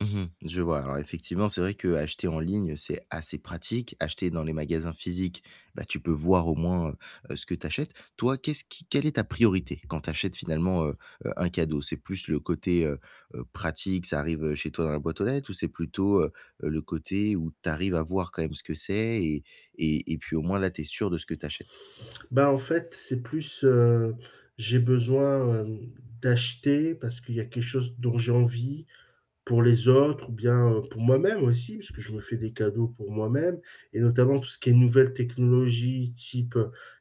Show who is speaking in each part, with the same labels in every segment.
Speaker 1: Mmh mh, je vois. Alors effectivement, c'est vrai qu'acheter en ligne, c'est assez pratique. Acheter dans les magasins physiques, bah tu peux voir au moins, heu, heu, ce que tu achètes. Toi, qu'est-ce qui quelle est ta priorité quand tu achètes finalement, heu, heu, un cadeau? C'est plus le côté, heu heu, pratique ça arrive chez toi dans la boîte aux lettres ou c'est plutôt, heu heu, le côté où tu arrives à voir quand même ce que c'est et et et puis au moins là, tu es sûr de ce que tu achètes?
Speaker 2: Bah, en fait, c'est plus, heu, j'ai besoin, hem, d'acheter parce qu'il y a quelque chose dont j'ai envie pour les autres ou bien, heu, pour moi-même aussi puisque je me fais des cadeaux pour moi-même. Et notamment tout ce qui est nouvelles technologies, type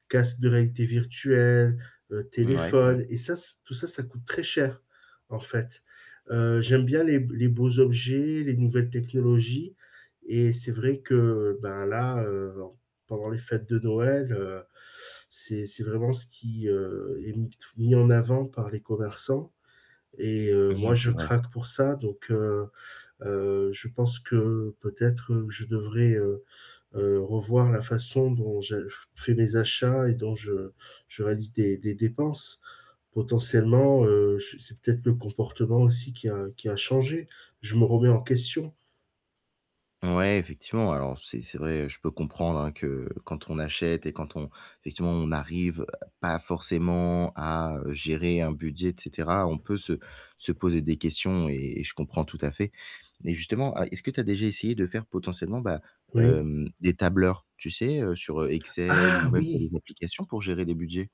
Speaker 2: casque de réalité virtuelle, heu,
Speaker 1: Mouais, ouais.
Speaker 2: téléphone et ça, se tout ça, ça coûte très cher, en fait. Heu, j'aime bien les les b les beaux objets, les nouvelles technologies et c'est vrai que, ben, là, heu, en pendant les fêtes de Noël, heu, c'est c'est vraiment ce qui, heu, est mis de f mis en avant par les commerçants et heu,
Speaker 1: Mmh
Speaker 2: moi
Speaker 1: mh,
Speaker 2: je
Speaker 1: c'est vrai.
Speaker 2: craque pour ça donc, heu, heu, je pense que peut-être je devrais, heu, heu, revoir la façon dont je f fais les achats et dont je je réalise des des dépenses. Potentiellement, heu, je c'est peut-être le comportement aussi qui a qui a changé. Je me remets en question.
Speaker 1: Ouais, effectivement, alors c'est c'est vrai je peux comprendre, hein, que quand on achète et quand on effectivement on n'arrive, heu, pas forcément à, heu, gérer un budget et cetera, on peut se se poser des questions et et je comprends tout à fait. Mais justement, al est-ce que tu as déjà essayé de faire potentiellement, bah,
Speaker 2: Oui.
Speaker 1: hem, des tableurs, tu sais, heu, sur, heu, Excel ou
Speaker 2: Ah
Speaker 1: même tu as des
Speaker 2: oui!
Speaker 1: applications pour gérer des budgets?